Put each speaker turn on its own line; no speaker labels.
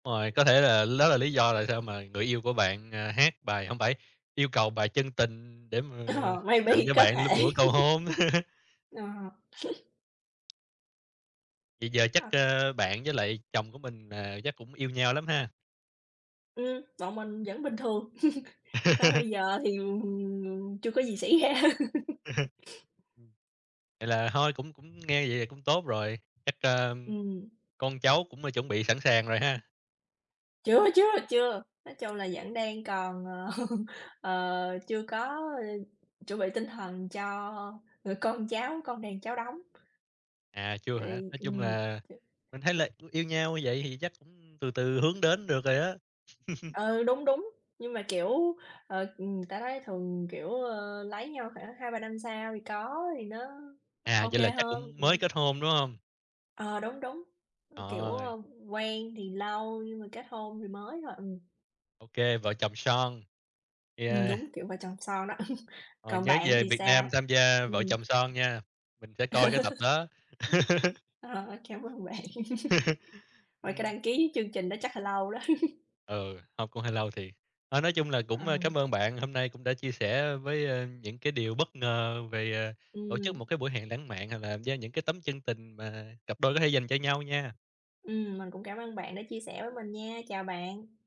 Rồi, có thể là đó là lý do tại sao mà người yêu của bạn, à, hát bài, hông phải, yêu cầu bài Chân Tình để mà
Ờ,
tặng
maybe,
cho
có
bạn lúc
thể.
bữa cầu hôn.
Ờ.
Vậy giờ chắc,
À.
ơ, bạn với lại chồng của mình, à, chắc cũng yêu nhau lắm ha?
Ừm, bọn mình vẫn bình thường. Tới bây giờ thì, ừm, chưa có gì xảy ra.
Ừm. Vậy là thôi cũng cũng nghe vậy cũng tốt rồi. Chắc, a,
Ừm.
con cháu cũng, à, chuẩn bị sẵn sàng rồi ha?
Chưa, chưa, chưa. Nói chung là vẫn đang còn, ờ, ờ, chưa có, ơ, chuẩn bị tinh thần cho người con cháu, con đàn cháu đống.
À, chưa
Thì,
hả? Nói chung
ừm,
là
ch
mình thấy là yêu yêu nhau như vậy thì chắc cũng từ từ hướng đến được rồi đó.
Ừ, đúng, đúng. Nhưng mà, kiểu, ờ, ừm, ta nói thường, kiểu, ờ, lấy nhau khoảng 2-3 năm sau thì có thì nó O
À,
OK
vậy là chắc
hơn.
cũng mới
Ừm.
kết hôn, đúng hông?
Ờ, đúng, đúng. Ừm, kiểu,
Ờ.
ờm, quen thì lâu nhưng mà kết hôn thì mới thôi. Ừm.
OK, vợ chồng son.
Ừm,
Yeah.
đúng kiểu vợ chồng son đó.
Rồi,
Còn
nhớ
bạn
về
thì
Việt Nam
sao?
tham gia Vợ
Ừm.
Chồng Son nha. Mình sẽ coi cái tập đó.
Ờ, cám ơn bạn. Mà cái
Ừm.
đăng ký chương trình đó chắc là lâu đó.
Ừ, hông cũng hơi lâu thiệt. Ờ, nói chung là
Ờ.
cũng, a, cám ơn bạn, hôm nay cũng đã chia sẻ với, a, những cái điều bất ngờ về, à, tổ chức
Ừm.
một cái buổi hẹn lãng mạn hoặc là gieo những cái tấm chân tình mà cặp đôi có thể dành cho nhau nha.
Ừm, mình cũng cảm ơn bạn đã chia sẻ với mình nha. Chào bạn.